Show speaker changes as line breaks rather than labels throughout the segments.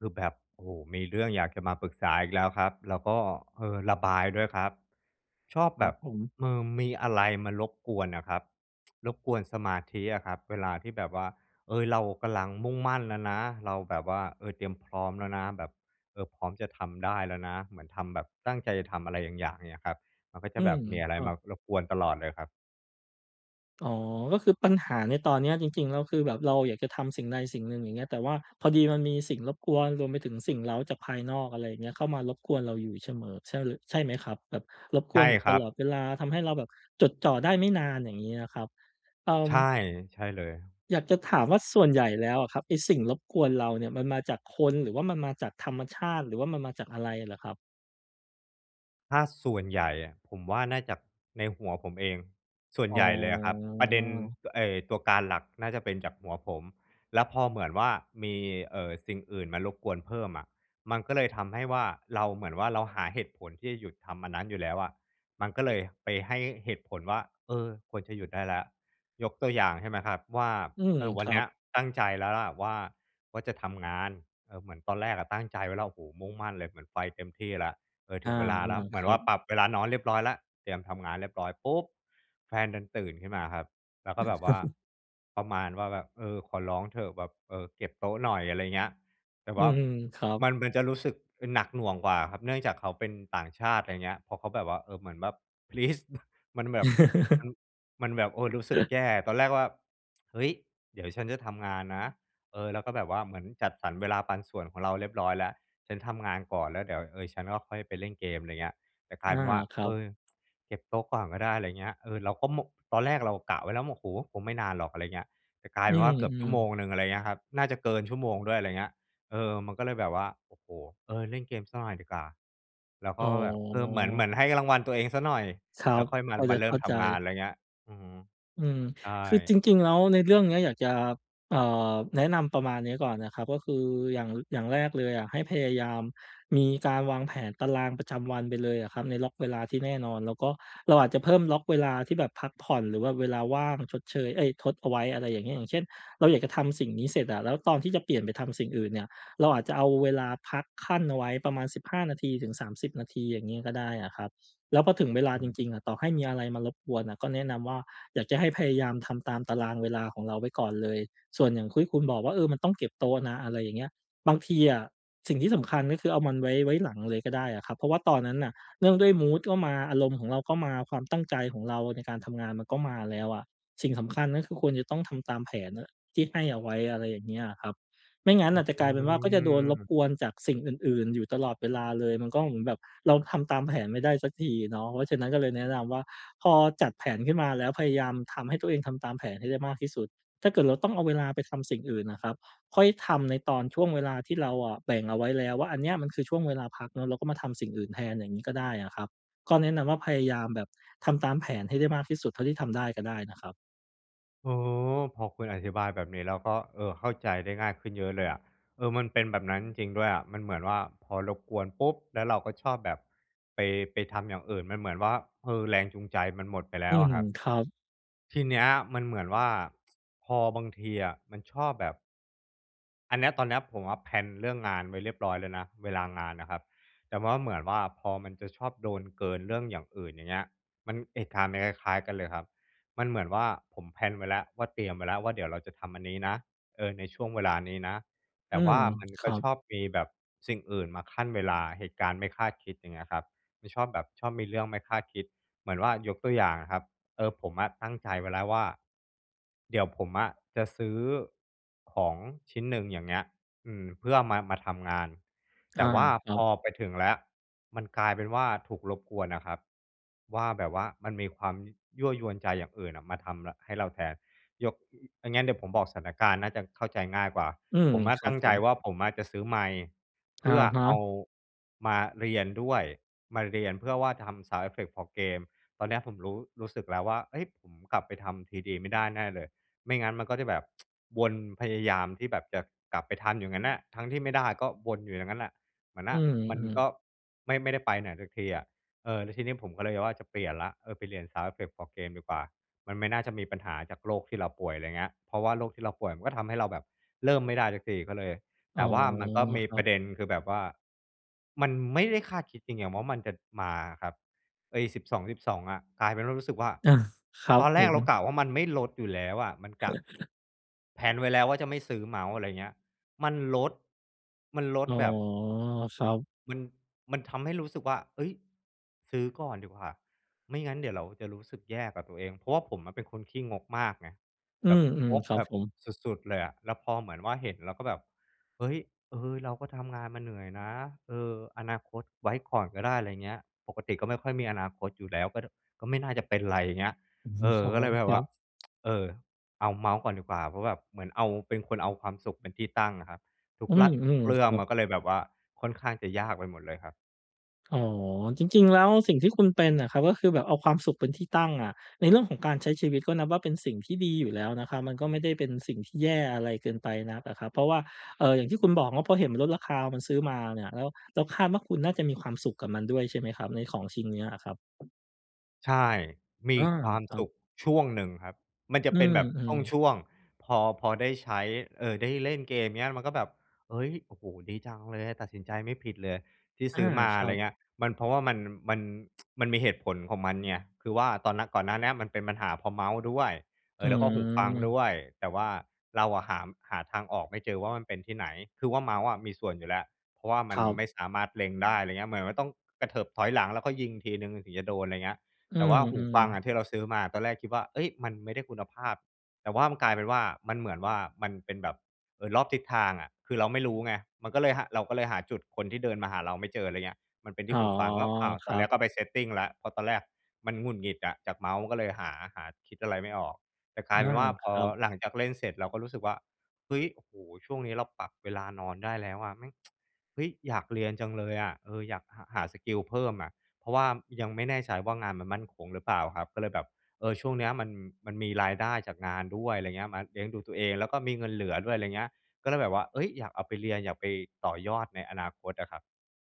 คือแบบ โอ้โฮ มีเรื่องอยากจะมาปรึกษาอีกแล้วครับ แล้วก็ เอ่อ ระบายด้วยครับ ชอบ
ค
แ
ร
บ
ับ
บ
ผม
อืม มีอะไรมารบกวนน่ะครับ รบกวนสมาธิอะครับเวลาที่แบบว่า เออ เรากำลังมุ่งมั่นแล้วนะ เราแบบว่า เอ่อ เตรียมพร้อมแล้วนะแบบ เออ พร้อมจะทำได้แล้วนะ เหมือนทำแบบตั้งใจจะทำอะไรบางอย่างเงี้ยครับ มันก็จะ
อื
แบ
ม
บมีอะไ
ค
ร
รั
ม
บ
ารบกวนตลอดเลยครับ
อ๋อ ก็คือปัญหาในตอนเนี้ยจริง ๆ แล้วคือ แบบเราอยากจะทำสิ่งใดสิ่งหนึ่งอย่างเงี้ย แต่ว่าพอดีมันมีสิ่งรบกวน รวมไปถึงสิ่งเร้าจากภายนอก อะไรอย่างเงี้ย เข้ามารบกวนเราอยู่เสมอ ใช่เลอะ ใช่ไหมครับ? แบบรบก
ใช
วน
่
อยู่
ค
ต
รั
ลอ
บ
ดเวลาทำให้เราแบบจดจ่อได้ไม่นาน อย่างงี้นะครับ เอ่
ใช
อ
่ ใช่เลย
อยากจะถามว่า ส่วนใหญ่แล้วอะครับ ไอ้สิ่งรบกวนเราเนี่ยมันมาจากคน หรือว่ามันมาจากธรรมชาติ หรือว่ามันมาจากอะไรเหรอครับ?
ถ้าส่วนใหญ่อะผมว่า น่าจากในหัวผมเอง ส่วน
อ๋
ใหญ่เลยอะครับ ประเด็น
อ
เอ่อ ตัวการหลักน่าจะเป็นจากหัวผม แล้วพอเหมือนว่ามี เอ่อ สิ่งอื่นมารบกวนเพิ่มอะ มันก็เลยทำให้ว่า เราเหมือนว่า เราหาเหตุผลที่จะหยุดทำอันนั้นอยู่แล้วอะ มันก็เลยไปให้เหตุผลว่า เออ ควรจะหยุดได้แล้ว ยกตัวอย่าง ใช่ไหมครับว่า
อืม
เออ ว
ค
ัน
รั
เนี
บ
้ยตั้งใจแล้วล่ะว่า ว่าจะทำงาน เออ เหมือนตอนแรกอะตั้งใจไว้แล้ว โอ้โฮ มุ่งมั่นเลยเหมือนไฟเต็มที่แล้ว เออ
อ
ถ
า
ึงเวลาแล้วเห
ๆ
ม
ค
ือน
รั
ว่า
บ
ปรับเวลานอนเรียบร้อยแล้ว เตรียมทำงานเรียบร้อยปุ๊บ แฟนดันตื่นขึ้นมาครับ แล้วก็แบบว่า ประมาณว่าแบบ เอ่อ ขอร้องเถอะแบบ เอ่อ เก็บโต๊ะหน่อย อะไรอย่างเงี้ย แต่
อื
ว่า
ม ๆ ครั
ม
บ
ัน มันจะรู้สึกหนักหน่วงกว่าครับ เนื่องจากเขาเป็นต่างชาติ อะไรอย่างเงี้ย พอเขาแบบว่า เอ่อ เหมือนแบบ please มันแบบ มัน มันแบบ โอ้ รู้สึกแย่ ตอนแรกว่า เฮ้ย เดี๋ยวฉันจะทำงานนะ เออ แล้วก็แบบว่า เหมือนจัดสรรเวลาปันส่วนของเราเรียบร้อยแล้ว ฉันทำงานก่อน แล้วเดี๋ยว เออ ฉันก็ค่อยไปเล่นเกม อะไรอย่างเงี้ย แต่กล
อ
ายเ
า
ป็นว่า
ครั
เอ
บ
อ เก็บโต๊ะก่อนก็ได้ ไรเงี้ย เออ เราก็ โม ตอนแรกเรากะไว้แล้วว่า โอ้โฮ คงไม่นานหรอก อะไรอย่างเงี้ย แต่กลาย
อื
เป็นว่า เกือบชั่
ม
วโม
ๆ
งหนึ่ง อะไรอย่างเงี้ยครับ น่าจะเกินชั่วโมงด้วย อะไรเงี้ย เออ มันก็เลยแบบว่า โอ้โฮ เออ เล่นเกมสักหน่อยดีกว่า แล้วก
อ๋
็ ก็แบบ เออ เหมือน เหมื
อ
อนให้รางวัลตัวเองเสียหน่อย
ครั
แล้
บ
วค่อยม
พ
า
อ
ม
จ
า
ะ
เร
เ
ิ่
ข้
ม
า
ท
ใ
ำงาน
จ
อะไรเงี้ย อื้อฮือ
อืม
ใช่
คือจริง ๆ แล้วในเรื่องเนี้ยอยากจะ เอ่อ แนะนำประมาณนี้ก่อนนะครับ ก็คืออย่าง อย่างแรกเลยอะ ให้พยายามมีการวางแผนตารางประจำวันไปเลยอะครับ ในล็อกเวลาที่แน่นอน แล้วก็เราอาจจะเพิ่มล็อกเวลาที่แบบพักผ่อน หรือว่าเวลาว่างชดเชย เอ๊ย ทดเอาไว้ อะไรอย่างเงี้ย อย่างเช่น เราอยากจะทำสิ่งนี้เสร็จอะ แล้วตอนที่จะเปลี่ยนไปทำสิ่งอื่นเนี่ย เราอาจจะเอาเวลาพักคั่นเอาไว้ประมาณ 15 นาที ถึง 30 นาทีอย่างงี้ก็ได้อะครับ แล้วพอถึงเวลา
อื
จ
ม
ริง ๆ อะ ต่อให้มีอะไรมารบกวนน่ะก็แนะนำว่า อยากจะให้พยายามทำตามตารางเวลาของเราไว้ก่อนเลย ส่วนอย่างคุ้ยคุณบอกว่า เออ มันต้องเก็บโต๊ะนะ อะไรอย่างเงี้ย บางทีอะสิ่งที่สำคัญ ก็คือ เอามันไว้ ไว้หลังเลยก็ได้อะครับ เพราะว่าตอนนั้นน่ะเนื่องด้วยมูดก็มา อารมณ์ของเราก็มา ความตั้งใจของเราในการทำงานมันก็มาแล้วอะ สิ่งสำคัญก็คือ ควรจะต้องทำตามแผนอะ ที่ให้เอาไว้ อะไรอย่างเงี้ยอะครับ ไม่งั้น
อื
น่ะจะกลายเป็นว่า ก็จะโดนรบ
ม
กวนจากสิ่งอื่น ๆ อยู่ตลอดเวลาเลย มันก็เหมือนแบบเราทำตามแผนไม่ได้สักทีเนาะ เพราะฉะนั้นก็เลยแนะนำว่า พอจัดแผนขึ้นมาแล้ว พยายามทำให้ตัวเองทำตามแผนให้ได้มากที่สุด ถ้าเกิดเราต้องเอาเวลาไปทำสิ่งอื่นน่ะครับ ค่อยทำในตอนช่วงเวลาที่เราอะแบ่งเอาไว้แล้วว่า อันเนี้ยมันคือช่วงเวลาพักเนาะ เราก็มาทำสิ่งอื่นแทน อย่างงี้ก็ได้อะครับ ก็แนะนำว่า พยายามแบบทำตามแผนให้ได้มากที่สุดเท่าที่ทำได้ก็ได้นะครับ
อ๋อ พอคุณอธิบายแบบนี้แล้วก็ เออ เข้าใจได้ง่ายขึ้นเยอะเลยอะ เออ มันเป็นแบบนั้นจริง ๆ ด้วยอะ มันเหมือนว่าพอรบกวนปุ๊บ แล้วเราก็ชอบแบบไป ไปทำอย่างอื่น มันเหมือนว่า เออ แรงจูงใจมันหมดไปแล
อื
้วอ
ม
ะครับ
ครับ
ทีเนี้ย มันเหมือนว่า พอบางทีอะ มันชอบแบบ อันเนี้ย ตอนเนี้ยผมอะ แพลน เรื่องงานไว้เรียบร้อยเลยนะ เวลางานอะครับ แต่ว่าเหมือนว่า พอมันจะชอบโดนเกินเรื่องอย่างอื่น อย่างเงี้ย มันเหตุการณ์ มันคล้าย ๆ กันเลยครับ มันเหมือนว่าผม แพลน ไว้แล้ว ว่าเตรียมไว้แล้วว่า เดี๋ยวเราจะทำอันนี้นะ เออ ในช่วงเวลานี้นะ แ
อ
ต่
ื
ว
ม
่ามัน
ค
ก็
รับ
ชอบมีแบบสิ่งอื่นมาคั่นเวลา เหตุการณ์ไม่คาดคิด อย่างเงี้ยครับ มันชอบแบบชอบมีเรื่องไม่คาดคิดเหมือนว่า ยกตัวอย่างอะครับ เออ ผมอะตั้งใจไว้แล้วว่า เดี๋ยวผมอะจะซื้อ ของชิ้นหนึ่ง อย่างเงี้ย อืม เพื่อมา มาทำงาน
อ
แต
า
่ว่า
ครั
พ
บ
อไปถึงแล้ว มันกลายเป็นว่าถูกรบกวนน่ะครับ ว่าแบบว่ามันมีความ ย ยั่วยวนใจอย่างอื่นน่ะมาทำ ล ให้เราแทน ยก อ ถ้างั้นเดี๋ยวผมบอกสถานการณ์น่าจะเข้าใจง่ายกว่า
อืม
ผมอะ
คร
ต
ั
ั
บ
้ง
ผ
ใจ
ม
ว่าผมอะจะซื้อไมค์ เพ
อะ
ื่อ
ฮ
เอา
ะ
มาเรียนด้วย มาเรียนเพื่อว่าทำซาวนด์เอฟเฟกต์ของเกม ตอนนี้ผมรู้ รู้สึกแล้วว่า "เฮ้ย! ผมกลับไปทำ 3D ไม่ได้แน่เลย" ไม่งั้นมันก็จะแบบ วนพยายามที่แบบจะกลับไปทันอยู่งั้นน่ะ ทั้งที่ไม่ได้ก็วนอยู่อย่างนั้นน่ะ เหมือน
อ
น
ื
่ะ มัน
ม
ก
ๆ
็ไม่ ไม่ได้ไปไหนสักทีอะ เออ แล้วทีนี้ผมก็เลยว่า จะเปลี่ยนแล้ว เออไปเรียน sound effect for game ดีกว่า มันไม่น่าจะมีปัญหาจากโรคที่เราป่วย อะไรเงี้ย เพราะว่าโรคที่เราป่วยมันก็ทำให้เราแบบเริ่มไม่ได้สักที ก็เลย
อ๋
แต
อ
่ว่ามันก็มี
ครั
ปร
บ
ะเด็น คือแบบว่า มันไม่ได้คาดคิดจริงอย่างว่ามันจะมาอะครับ ไอ้ 12.12 อะ กลายเป็นว่ารู้สึกว่า
เออ ครั
ต
บ
อนแ
ผ
รกเรา
ม
กะว่ามันไม่ลดอยู่แล้วอะ มันกะ แพลน ไว้แล้วว่าจะไม่ซื้อเมาส์ อะไรอย่างเงี้ย มันลด มันล
อ
ด
๋อ
แบบ
ครับ
มัน มันทำให้รู้สึกว่า "เฮ้ย! ซื้อก่อนดีกว่า ไม่งั้นเดี๋ยวเราจะรู้สึกแย่กับตัวเอง" เพราะว่าผมเป็นคนขี้งกมากไง
อื
แบบง
ม
ก
ๆ ครั
แ
บ
บบ
ผม
สุด ๆ เลยอะ แล้วพอเหมือนว่า เห็นแล้วแบบ "เฮ้ย! เออ เราก็ทำงานมาเหนื่อยนะ เออ อนาคตไว้ก่อนก็ได้" อะไรเงี้ย ปกติก็ไม่ค่อยมีอนาคตอยู่แล้ว ก็ ด ก็ไม่น่าจะเป็นไร อย่างเงี้ย
อือฮ
เ
ึ
ออ
อ๋อ
ก็เลยแบ
ค
บ
ร
ว
ั
่า
บ
เออ เอาเมาส์ก่อนดีกว่า เพราะแบบเหมือนเอา เป็นคนเอาความสุขเป็นที่ตั้งอะครับ ทุ
อื
กลัด
ม
เรื
ๆ
่
ค
อง
รั
ม
บ
ันก็เลยแบบว่าค่อนข้างจะยากไปหมดเลยครับ
อ๋อ จริง ๆ แล้วสิ่งที่คุณเป็นน่ะครับ ก็คือแบบเอาความสุขเป็นที่ตั้งอะ ในเรื่องของการใช้ชีวิต ก็นับว่าเป็นสิ่งที่ดีอยู่แล้วนะครับ มันก็ไม่ได้เป็นสิ่งที่แย่อะไรเกินไปนักอะครับ เพราะว่า เอ่อ อย่างที่คุณบอกเนาะ พอเห็นมันลดราคา มันซื้อมาเนี่ย แล้ว แล้วคาดว่าคุณน่าจะมีความสุขกับมันด้วยใช่ไหมครับ ในของชิ้นนี้อะครับ?
ใช่ ม
อ
ี
า
ความ
ครั
สุ
บ
ขช่วงหนึ่งครับ มันจะ
อื
เป็นแบบ
ม ๆ
ช่วง ๆ พอ พอได้ใช้ เอ่อ ได้เล่นเกมเงี้ย มันก็แบบ "เฮ้ย โอ้โฮ ดีจังเลย ตัดสินใจไม่ผิดเลยที่
อ
ซ
า
ื้อมา"
ช
อ
ร
ะ
ั
ไรอย
บ
่างเงี้ย มัน เพราะว่ามัน มัน มันมีเหตุผลของมันไง คือว่าตอนนะ ก่อนหน้าเนี้ยมันเป็นปัญหาเพราะเมาส์ด้วย เอ
อื
่อ แล้วก็หูฟังด
ม
้วย แต่ว่าเราอะหา หาทางออกไม่เจอว่า มันเป็นที่ไหน คือว่าเมาส์อะมีส่วนอยู่แล้ว เพราะว่ามั
ค
น
รับ
ไม่สามารถเล็งได้ อะไรอย่างเงี้ย เหมือนมันต้องกระเถิบถอยหลัง แล้วก็ยิงทีหนึ่งถึงจะโดน อะไรอย่างเงี้ย
อื
แต่ว่าหู
ม
ฟังอ
ๆ
ะ ที่เราซื้อมาอะ ตอนแรกคิดว่า "เฮ่ย มันไม่ได้คุณภาพ" แต่ว่ามันกลายเป็นว่า มันเหมือนว่ามันเป็นแบบ เออ รอบทิศทางอะ คือเราไม่รู้ไง มันก็เลยหะ เราก็เลยหาจุดคนที่เดินมาหาเราไม่เจอ อะไรอย่างเงี้ย มันเป็นท
อ
ี
๋
่
อ
หูฟัง แล้ว อ้าว
ค
ตอ
รั
นเนี้
บ
ยก็ไป setting แล้ว เพราะตอนแรกมันหงุดหงิดอะจากเมาส์ ก็เลยหา หา คิดอะไรไม่ออก แต่ก
อ
ลายเป็
า
นว่า
ค
พอ
รับ
หลังจากเล่นเสร็จเราก็รู้สึกว่า "เฮ้ย โอ้โฮ ช่วงนี้เราปรับเวลานอนได้แล้วอะ แม่ง เฮ้ย อยากเรียนจังเลยอะ เออ อยากหา หาสกิลเพิ่มอะ" เพราะว่ายังไม่แน่ใจว่า งานมันมั่นคงหรือเปล่าครับ ก็เลยแบบ เออ ช่วงเนี้ยมัน มันมีรายได้จากงานด้วย อะไรเงี้ย มาเลี้ยงดูตัวเอง แล้วก็มีเงินเหลือด้วย อะไรอย่างเงี้ย ก็เลยแบบว่า เฮ้ย อยากเอาไปเรียน อยากไปต่อยอดในอนาคตอะครับ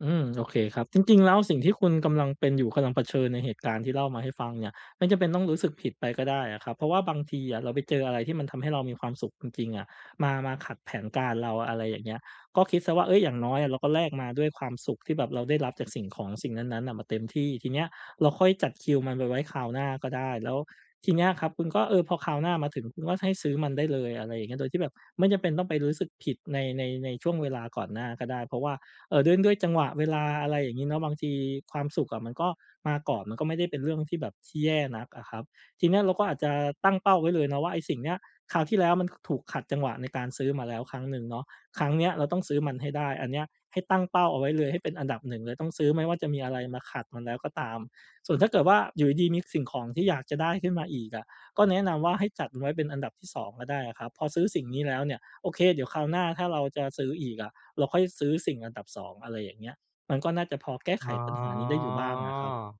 อืม โอเคครับ จริง ๆ แล้วสิ่งที่คุณกำลังเป็นอยู่ กำลังเผชิญในเหตุการณ์ที่เล่ามาให้ฟังเนี่ย ไม่จำเป็นต้องรู้สึกผิดไปก็ได้อะครับ เพราะว่าบางทีอะ เราไปเจออะไรที่มันทำให้เรามีความสุขจริง ๆ อะ มา มาขัดแผนการเรา อะไรอย่างเงี้ย ก็คิดเสียว่า เฮ้ย อย่างน้อยอะเราก็แลกมาด้วยความสุขที่แบบเราได้รับจากสิ่งของสิ่งนั้น ๆ อะมาเต็มที่ ทีเนี้ยเราค่อยจัดคิวมันมาไว้คราวหน้าก็ได้ แล้ว ทีเนี้ยครับคุณก็ เออ พอคราวหน้ามาถึง คุณก็ให้ซื้อมันได้เลย อะไรอย่างเงี้ย โดยที่แบบไม่จำเป็นต้องไปรู้สึกผิดใน ใน ในช่วงเวลาก่อนหน้าก็ได้ เพราะว่า เอ่อ ด้วย ด้วยจังหวะเวลา อะไรอย่างงี้เนาะ บางทีความสุขอะมันก็มาก่อน มันก็ไม่ได้เป็นเรื่องที่แบบ ส ที่แย่นักอะครับ ทีเนี้ยเราก็อาจจะตั้งเป้าไว้เลยเนาะว่า ไอ้สิ่งเนี้ย คราวที่แล้วมัน ค ถูกขัดจังหวะในการซื้อมาแล้วครั้งหนึ่งเนาะ ครั้งเนี้ยเราต้องซื้อมันให้ได้ อันเนี้ยให้ตั้งเป้าเอาไว้เลย ให้เป็นอันดับ 1 เลย ต้องซื้อแม้ว่าจะมีอะไรมาขัดมันแล้วก็ตาม ส่วนถ้าเกิดว่า อยู่ดี ๆ มีสิ่งของที่อยากจะได้ขึ้นมาอีกอะ ก็แนะนำว่าให้จัดไว้เป็นอันดับที่ 2 ก็ได้อะครับ พอซื้อสิ่งนี้แล้วเนี่ย โอเค เดี๋ยวคราวหน้าถ้าเราจะซื้ออีกอะ เราค่อยซื้อสิ่งอันดับ 2 อะไรอย่างเงี้ย มันก็น่าจะพอแก้
อ
ไข
๋อ
ปัญหานี้ได้อยู่บ้างอะครับ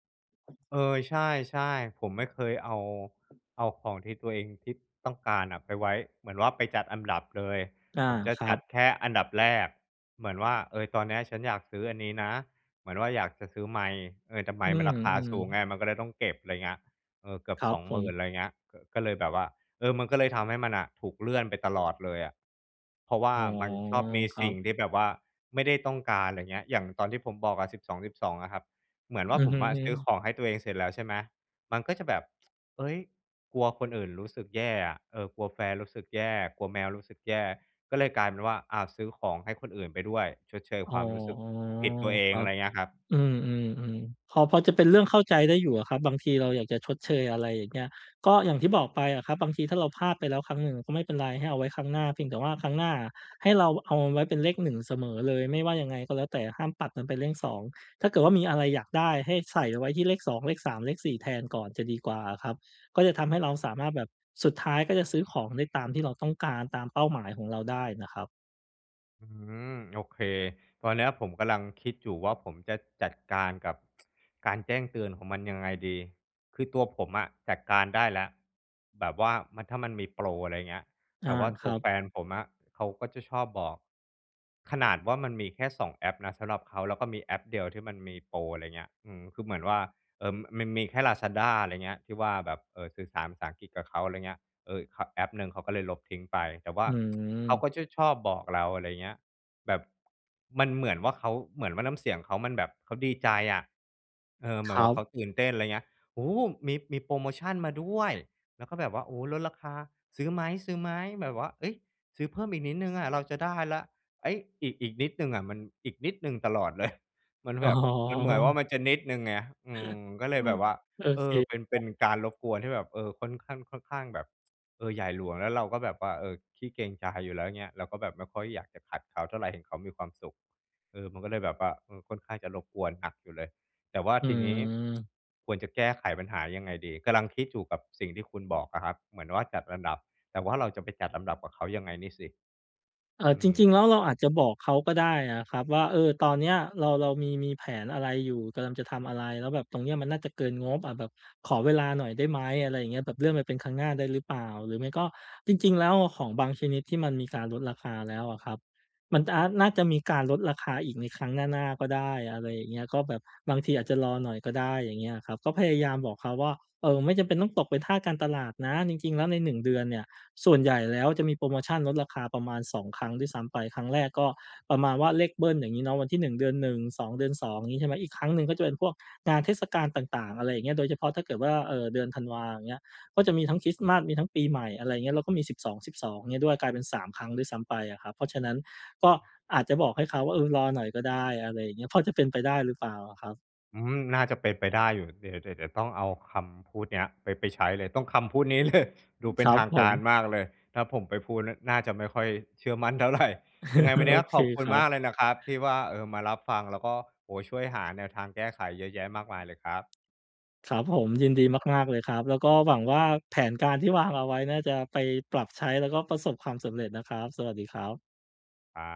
เออ ใช่ ๆ ผมไม่เคยเอา เอาของที่ตัวเอง ที่ต้องการอะไปไว้ เหมือนว่าไปจัดอันดับเลย
อา
ผมจะ
คร
จ
ั
ัด
บ
แค่อันดับแรก เหมือนว่า เออ ตอนนี้ฉันอยากซื้ออันนี้นะ เหมือนว่าอยากจะซื้อไมค์ เออ แต่ไม
อื
ค์มันราคา
ม
สูงไง
ๆ
มันก็เลยต้องเก็บ อะไรเงี้ย เออ เกือบ
ครั
ส
บ
อง
ผ
หมื่น
ม
อะไรเงี้ย ก็เลยแบบว่า เออ มันก็เลยทำให้มันน่ะ ถูกเลื่อนไปตลอดเลยอะ เพราะว่า
อ๋อ
มันชอบมี
คร
ส
ั
ิ่
บ
งที่แบบว่าไม่ได้ต้องการ อะไรอย่างเงี้ย อย่างตอนที่ผมบอกอะ 12.12 อะครับ เหมือนว่
อ
า
ือ
ผม
อือ
อะ
ฮ
ซื้อ
ึ
ของให้ตัวเองเสร็จแล้ว ใช่ไหม มันก็จะแบบ เฮ้ย กลัวคนอื่นรู้สึกแย่อะ เออ กลัวแฟนรู้สึกแย่ กลัวแมวรู้สึกแย่ ก็เลยกลายเป็นว่า อา ซื้อของให้คนอื่นไปด้วย ชดเชย
อ๋
ค
อ
วามรู้สึกผิดตัวเอ
ค
ง
รั
อะ
บ
ไรเงี้ยครับ
อืม ๆ ๆ พอ พอจะเป็นเรื่องเข้าใจได้อยู่อะครับ บางทีเราอยากจะชดเชย อะไรอย่างเงี้ย ก็อย่างที่บอกไปอะครับ บางทีถ้าเราพลาดไปแล้วครั้งหนึ่งก็ไม่เป็นไร ให้เอาไว้ครั้งหน้า เพียงแต่ว่าครั้งหน้าอะ ให้เราเอาไว้เป็นเลข 1 เสมอเลย ไม่ว่ายังไงก็แล้วแต่ห้ามปัดมันเป็นเลข 2 ถ้าเกิดว่ามีอะไรอยากได้ ให้ใส่เอาไว้ที่เลข 2 เลข 3 เลข 4 แทนก่อนจะดีกว่าอะครับ ก็จะทำให้เราสามารถแบบ สุดท้ายก็จะซื้อของได้ตามที่เราต้องการ ตามเป้าหมายของเราได้น่ะครับ
อืม โอเค ตอนนี้ผมกำลังคิดอยู่ว่า ผมจะจัดการกับ การแจ้งเตือนของมันยังไงดี? คือตัวผมอะจัดการได้แล้ว แบบว่ามัน ถ้ามันมีโปร อะไรเงี้ย
อ
แต
า
่ว่า
ค
ต
ร
ั
ั
ว
บ
แฟนผมอะเขาก็จะชอบบอก ขนาดว่ามันมีแค่ 2 แอปนะสำหรับเขา แล้วก็มีแอปเดียวที่มันมีโปร อะไรอย่างเงี้ย อือ คือเหมือนว่า เอ่อ ม มันมีแค่ลาซาด้า อะไรเงี้ย ที่ว่าแบบ เอ่อ สื่อสารภาษาอังกฤษกับเขา อะไรเงี้ย เอ่อ ค แอปหนึ่งเขาก็เลยลบทิ้งไป แต่ว่า
อื
เขา
ม
ก็จะชอบบอกเรา อะไรเงี้ย แบบ มันเหมือนว่าเขา เหมือนว่าน้ำเสียงเขา มันแบบ เขาดีใจอะ เออ เหม
ค
ือน
ร
ว่าเข
ับ
าตื่นเต้น อะไรอย่างเงี้ย "โอ้โฮ มี มีโพรโมชันมาด้วย" แล้วก็แบบว่า "โอ้ ลดราคา ซื้อไหม ซื้อไหม?" แบบว่า "เฮ้ย ซื้อเพิ่มอีกนิดหนึ่งอะเราจะได้แล้ว" เฮ้ย อีก อีกนิดหนึ่งอะ มันอีกนิดหนึ่งตลอด เลย มัน
อ
แ
๋
บบ มันเหมือนว่
อ
า มันจะนิดหนึ่งไง อืม ก็เลยแบบว่า
โอ
เอ
เค
อ เป็น
ค
เป
ร
็
ับ
นการรบกวนที่แบบ เออ ค่อนข้าง ค่อนข้างแบบ เออ ใหญ่หลวง แล้วเราก็แบบว่า เออ ขี้เกรงใจอยู่แล้ว เงี้ย เราก็แบบไม่ค่อยอยากจะขัดเขาเท่าไร เห็นเขามีความสุข เออ มันก็เลยแบบว่า เออ ค่อนข้างจะรบกวนหนักอยู่เลย แต่ว่า
อื
ทีนี้
ม
ควรจะแก้ไขปัญหายังไงดี? กำลังคิดอยู่ กับสิ่งที่คุณบอกอะครับ เหมือนว่าจัดลำดับ แต่ว่าเราจะไปจัดลำดับกับเขายังไงนี่สิ?
เอ่
อ
อ
ื
จริง ๆ แล้
ม
วเราอาจจะบอกเขาก็ได้อะครับว่า เออ ตอนเนี้ยเรา เรามี มีแผนอะไรอยู่ กำลังจะทำอะไร? แล้วแบบตรงนี้มันน่าจะเกินงบอะ แบบขอเวลาหน่อยได้ไหม? อะไรอย่างเงี้ย แบบเลื่อนไปเป็นครั้งหน้าได้หรือเปล่า? หรือไม่ก็ จริง ๆ แล้วอะ ของบางชนิดที่มันมีการลดราคาแล้วอะครับ มัน อา น่าจะมีการลดราคาอีกในครั้งหน้า ๆ ก็ได้ อะไรอย่างเงี้ย ก็แบบ บางทีอาจจะรอหน่อยก็ได้ อย่างเงี้ยครับ ก็พยายามบอกเขาว่า เออ ไม่จำเป็นต้องตกเป็นทาสการตลาดนะ จริง ๆ แล้วใน 1 เดือนเนี่ย ส่วนใหญ่แล้วจะมีโพรโมชันลดราคาประมาณ 2 ครั้งด้วยซ้ำไป ครั้งแรกก็ประมาณว่า เลขเบิ้ล อย่างงี้เนาะ วันที่ 1 เดือน 1 2 เดือน 2 อย่างงี้ใช่ไหม อีกครั้งหนึ่งก็จะเป็นพวกงานเทศกาลต่าง ๆ อะไรอย่างเงี้ย โดยเฉพาะถ้าเกิดว่า เอ่อ เดือนธันวา อย่างเงี้ย ก็จะมีทั้งคริสต์มาส มีทั้งปีใหม่ อะไรอย่างเงี้ย แล้วก็มี 12.12 เงี้ยด้วย กลายเป็น 3 ครั้งด้วยซ้ำไปอะครับ เพราะฉะนั้นก็อาจจะบอกให้เขาว่า เออ รอหน่อยก็ได้ อะไรอย่างเงี้ย พอจะเป็นไปได้หรือเปล่าอะครับ?
อืม น่าจะเป็นไปได้อยู่ เดี๋ยว เดี๋ยว เดี๋ยวต้องเอาคำพูดนี้ไป ไปใช้เลย ต้องคำพูดนี้ เลย ดูเป
ค
็
ร
น
ั
ท
บ
าง
ผ
ก
ม
ารมากเลย ถ้าผมไปพูดนะน่าจะไม่ค่อยเชื่อมั่น เท่าไร ยังไงวัน
โ
น
อ
ี้
เค
ขอบคุ
ค
ณ
รั
ม
บ
ากเลยนะครับที่ว่า เออ มารับฟัง แล้วก็ โอ้โฮ ช่วยหาแนวทางแก้ไขเยอะแยะมากมายเลยครับ
ครับผม ยินดีมาก ๆ เลยครับ แล้วก็หวังว่าแผนการที่วางเอาไว้ น่าจะไปปรับใช้ แล้วก็ประสบความสำเร็จนะครับ สวัสดีครับ
ครับ